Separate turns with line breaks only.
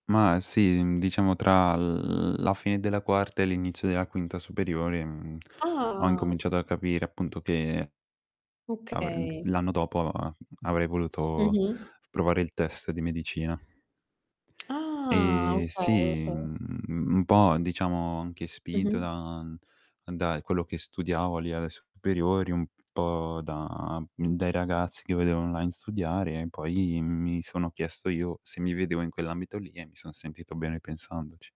Ma sì, uhm, diciamo tra l la fine della quarta e l'inizio della quinta superiore, mhmm, ho
Ah.
incominciato a capire appunto che avrem
Okay.
l'anno dopo a avrei voluto
Mh-mh.
provare il test di medicina.
Ah,
E
okay,
sì,
okay.
mhmm, un po', diciamo anche spinto
Mh-mh.
da da quello che studiavo lì alle superiori un po' da, mhmm, dai ragazzi che vedevo online studiare e poi mi sono chiesto io se mi vedevo in quell'ambito lì e mi son sentito bene pensandoci.